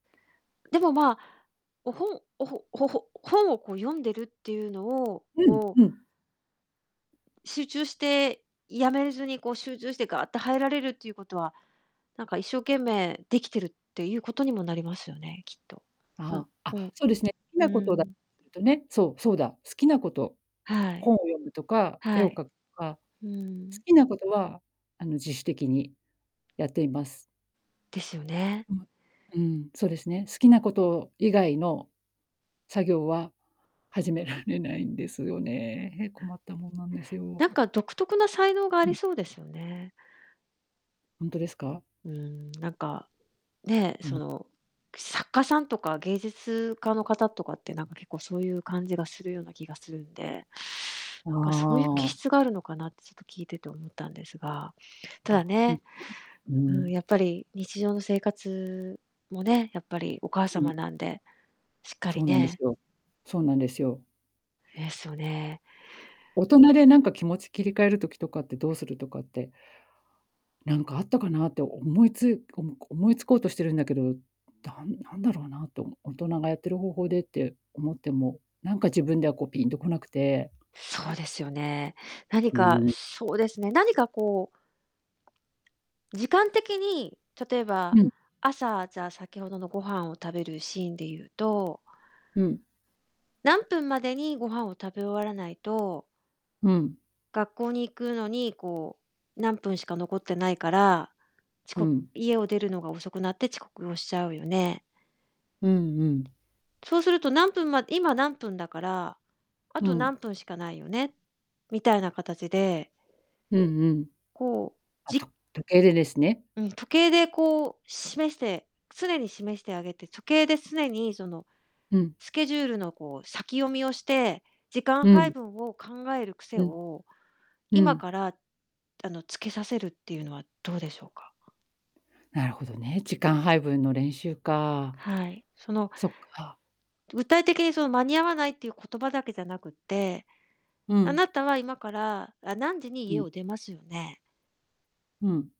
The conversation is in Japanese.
でも、まあ、お、本、おほ、ほほ本をこう読んでるってゆうのを、うんこううん。集中して、止めずに、こう、集中してガーッと入られるってゆうことは、なんか、一生懸命できてるってゆうことにもなりますよね、きっと。そんああ、あ、本。そうですね、好きうんなうことんうだん。とね、そう、そうだ、好きなことはい。本を読むとか、絵はをい。描くとか、うー好ん。きなことは、あの、自主的にやっています。ですよね。うん。うん、そうですね、好きなこと以外の作業は、始められないんですよね、へ困ったもんなんですよ。なんか、独特な才能があうりん。そうですよね。ほんとですか？うーん、なんか、ね、うそん。の、作家さんとか芸術家の方とかって、なんか、結構そうゆう感じがするような気がするんで、あなんかそうゆう気あ。質があるのかなって、ちょっと、聞いてて思ったんですが。ただあ、う、うね、うん。うーーん、ん。やっぱり、日常の生活もね、やっぱり、お母う様ん。なんで、しっかそりうなんですねよ。そうなんですよ。ですよね。大人で、なんか、気持ち切り替える時とかって、どうするとかって、なんかあったかなって思いつおも思いつこうとしてるんだけど、なんなんだろうなと大人がやってる方法でって思っても、なんか自分では、こう、ピンと来なくてそうですよね。何うかーん。そうですね、何かこう時間的に、例えば、うん。朝、じゃ、先ほどのご飯を食べるシーンでゆうとうん。何分までにご飯を食べ終わらないとうん。学校に行くのに、こう、何分しか残ってないから、ちうこん。家を出るのが遅くなって、遅刻をしちゃうよね。うんうん。そうすると、何分ま今、何分だから、あうとん。何分しかないよね、みたいなかたちでうんうん。こう、あ、とじ時計で、ですね。うん、時計で、こう、示して常に示してあげて時計で常に、その、うん。スケジュールの、こう、先読みをして、時間う配ん。分を考える癖うん。を、う今ん。から、あの、つけさせるってゆうのはどうでしょうか？なるほどね、時間配分の練習か。はい、その、そっか。具体的に、その、間に合わないっていう言葉だけじゃなくて、うあん。なたは今からあ、何時にう家ん。を出ますよね。うん。